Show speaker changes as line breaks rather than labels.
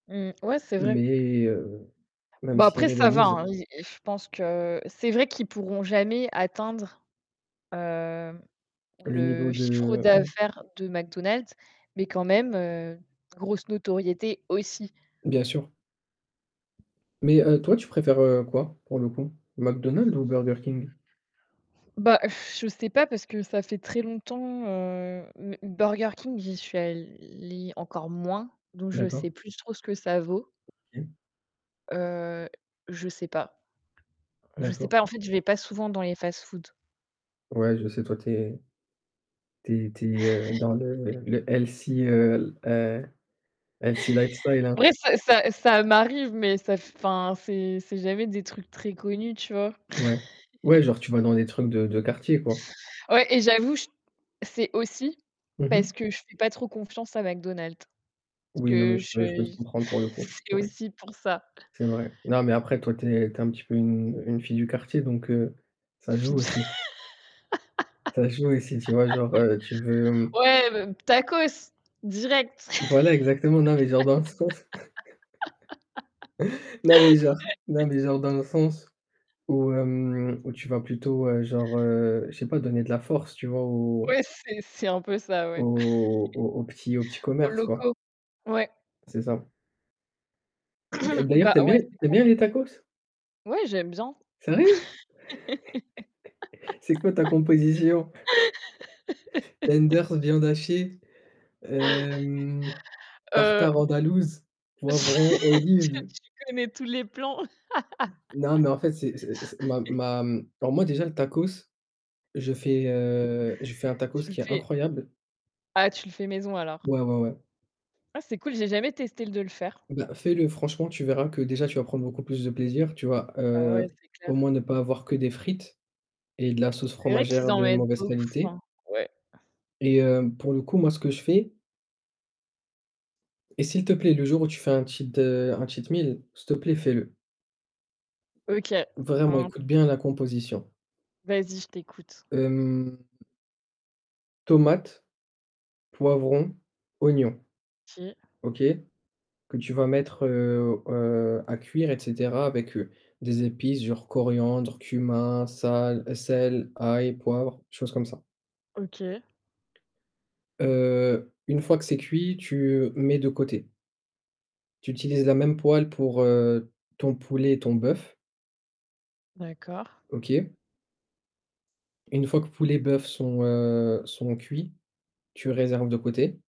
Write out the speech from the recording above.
Mmh. Ouais, c'est vrai.
Mais heu, même
Bah
s'ils
après, ça va
rivalisent
hein. I je pense que c'est vrai qu'ils pourront jamais atteindre, hem,
Le niveau
le chiffre
de mmh.
d'affaires de McDonald's mais quand même, heu, grosse notoriété aussi.
Bien sûr. Mais heu, toi tu préfères, heu, quoi pour le coup? McDonald's ou Burger King?
Bah, je sais pas, parce que ça fait très longtemps, heu, m m Burger King, j'y suis allée encore moins donc je sais
D'accord.
plus trop ce que ça vaut.
OK.
Heu, je sais pas. Je sais
D'accord.
pas. En fait, je vais pas souvent dans les fast-foods.
Ouais, je sais toi tu es tu es tu es, heu, dans le le healthy, heu, l heu, healthy lifestyle,
En
hein.
vrai, ça ça ça m'arrive mais ça enfin, c'est c'est jamais des trucs très connus, tu vois?
Ouais, ouais, genre tu vas dans des trucs de de quartier, quoi?
Ouais et j'avoue, j c'est aussi
Mmh
parce
mh.
que je fais pas trop confiance à McDonald's parce
Oui, non mais
que
je peux je peux te
je
comprendre pour le coup.
c'est
Ouais.
aussi pour ça.
C'est vrai. Non mais après toi, tu es tu es un petit peu une une fille du quartier donc heu, ça
Fille
joue
d
aussi. Ça joue aussi, tu vois, genre, heu, tu veux, mmh
ouais, b tacos? Direct.
Voilà exactement non mais genre dans le sens non mais genre non mais genre dans le sens où, hem, où tu vas plutôt, heu, genre, heu, je sais pas, donner de la force, tu vois, aux
Ouais, c'est c'est un peu ça ouais.
aux aux aux petits aux petits
Aux
commerces, quoi.
locaux? Ouais.
C'est ça. D'a d'ailleurs,
Bah
tu aimes
ouais,
bien tu
c'est
aimes
clair.
bien les tacos?
Ouais, j'aime bien.
Sérieux? C'est quoi ta composition? Tenders, viande hachée, hem,
Heu
tartare
b
andalouse,
Tu
poivron,
tu
olive.
connais tous les plans.
Non mais en fait, c'est c'est c'est ma ma alors moi déjà le tacos, je fais, heu, je fais un tacos
Tu le
qui est
fais
incroyable.
ah tu le fais maison alors.
Ouais, ouais, ouais.
Ah c'est cool, j'ai jamais testé de le faire.
Bah, fais-le franchement, tu verras que déjà tu vas prendre beaucoup plus de plaisir, tu vas,
Bah ouais,
heu,
c'est clair.
au moins ne pas avoir que des frites et de la sauce
C'est vrai qu'ils
fromagère
en
de
mettent
mauvaise
beaucoup,
qualité
hein. Ouais.
et heu, pour le coup moi ce que je fais Et s'il te plaît le jour où tu fais un cheat, heu, un cheat meal, s'il te plaît fais-le.
OK.
Vraiment
Un
écoute bien la composition.
Vas-y, je t'écoute.
Hem Tomate, poivron, oignon.
OK.
OK? Que tu vas
Ouais.
mettre, heu, heu, à cuire et cetera avec, heu, des épices genre coriandre, cumin, sale sel, ail, poivre, choses comme ça.
OK.
Heu une fois que c'est cuit, tu mets de côté. Tu utilises la même poêle pour, heu, ton poulet et ton boeuf.
D'accord.
OK. Une fois que poulet et boeuf sont, heu, sont cuits, tu réserves de côté.